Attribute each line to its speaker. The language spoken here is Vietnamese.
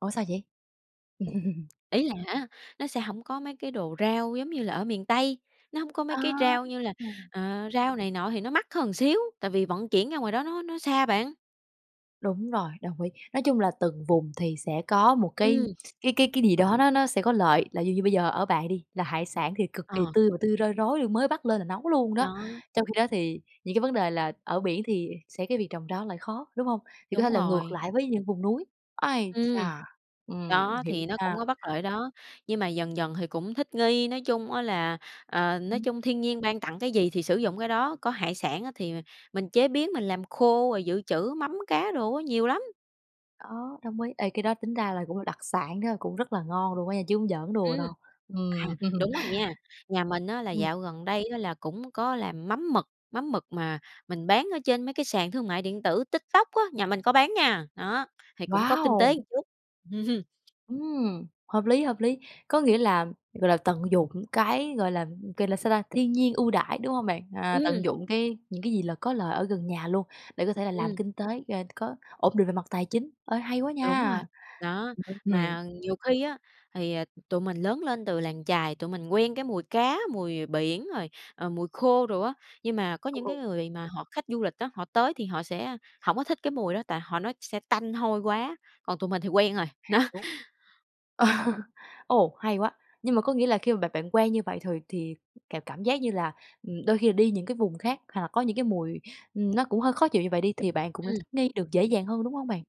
Speaker 1: Ủa sao vậy?
Speaker 2: Ý là hả, nó sẽ hổng có mấy cái đồ rau giống như là ở miền Tây, nó hông có mấy
Speaker 1: Ờ,
Speaker 2: cái rau như là
Speaker 1: ừm.
Speaker 2: ờ, rau này nọ thì nó mắc hơn một xíu, tại vì vận chuyển ra ngoài đó nó nó xa bạn.
Speaker 1: Đúng rồi, đồng ý. Nói chung là từng vùng thì sẽ có một cái
Speaker 2: Ừm.
Speaker 1: cái cái cái gì đó nó nó sẽ có lợi, là ví dụ như bây giờ ở bạn đi, là hải sản thì cực kỳ
Speaker 2: Ờ.
Speaker 1: tươi và tươi roi rói, mới bắt lên là nấu luôn đó,
Speaker 2: Đó.
Speaker 1: trong khi đó thì những cái vấn đề là ở biển thì sẽ cái việc trồng rau lại khó, đúng hông? Thì có thể
Speaker 2: Đúng
Speaker 1: là ngược
Speaker 2: rồi.
Speaker 1: lại với những vùng núi. Ai
Speaker 2: Ừm,
Speaker 1: chà, ừm,
Speaker 2: đó,
Speaker 1: hiểu
Speaker 2: thì nó
Speaker 1: nha.
Speaker 2: cũng có bất lợi đó, nhưng mà dần dần thì cũng thích nghi. Nói chung á là, ờ, nói chung thiên nhiên
Speaker 1: [unintelligible]
Speaker 2: ban tặng cái gì thì sử dụng cái đó, có hải sản á thì mình chế biến mình làm khô rồi dự trữ mắm cá đồ á, nhiều lắm.
Speaker 1: Đó, đồng ý, ê cái đó tính ra là cũng là đặc sản đó, cũng rất là ngon luôn á nha, chứ hông giỡn đùa
Speaker 2: Ừm,
Speaker 1: đâu,
Speaker 2: à,
Speaker 1: ừm.
Speaker 2: đúng rồi nha. Nhà mình á là
Speaker 1: Ừm.
Speaker 2: dạo gần đây á là cũng có làm mắm mực, mắm mực mà mình bán ở trên mấy cái sàn thương mại điện tử TikTok á, nhà mình có bán nha, đó, thì cũng có kinh tế
Speaker 1: Wow!
Speaker 2: một chút.
Speaker 1: Ừm, hợp lý, hợp lý. Có nghĩa là, gọi là, tận dụng cái, gọi là, gọi là sao ta, thiên nhiên ưu đãi, đúng hông bạn? À,
Speaker 2: Ừm.
Speaker 1: tận dụng cái những cái gì là có lợi ở gần nhà luôn, để có thể là làm
Speaker 2: Ừm.
Speaker 1: kinh tế, ờ, có ổn định về mặt tài chính, ơi hay quá
Speaker 2: Đúng rồi,
Speaker 1: nha.
Speaker 2: đó.
Speaker 1: [unintelligible] Ừm.
Speaker 2: Mà nhiều khi á, thì, à, tụi mình lớn lên từ làng chài, tụi mình quen cái mùi cá, mùi, à, biển rồi, à, mùi khô đồ á, nhưng mà có
Speaker 1: Ừ,
Speaker 2: những cái
Speaker 1: ừ.
Speaker 2: người mà họ khách du lịch á, họ tới thì họ sẽ hổng có thích cái mùi đó, tại họ nói sẽ tanh hôi quá, còn tụi mình thì quen rồi, đó.
Speaker 1: Hiểu. Ồ, hay quá! Nhưng mà có nghĩa là khi mà bạn bạn quen như vậy thì thì cảm cảm giác như là, ừm, đôi khi là đi những cái vùng khác hoặc là có những cái mùi nó cũng hơi khó chịu như vậy đi thì bạn cũng đã
Speaker 2: Ừm.
Speaker 1: thích nghi được dễ dàng hơn, đúng hông bạn?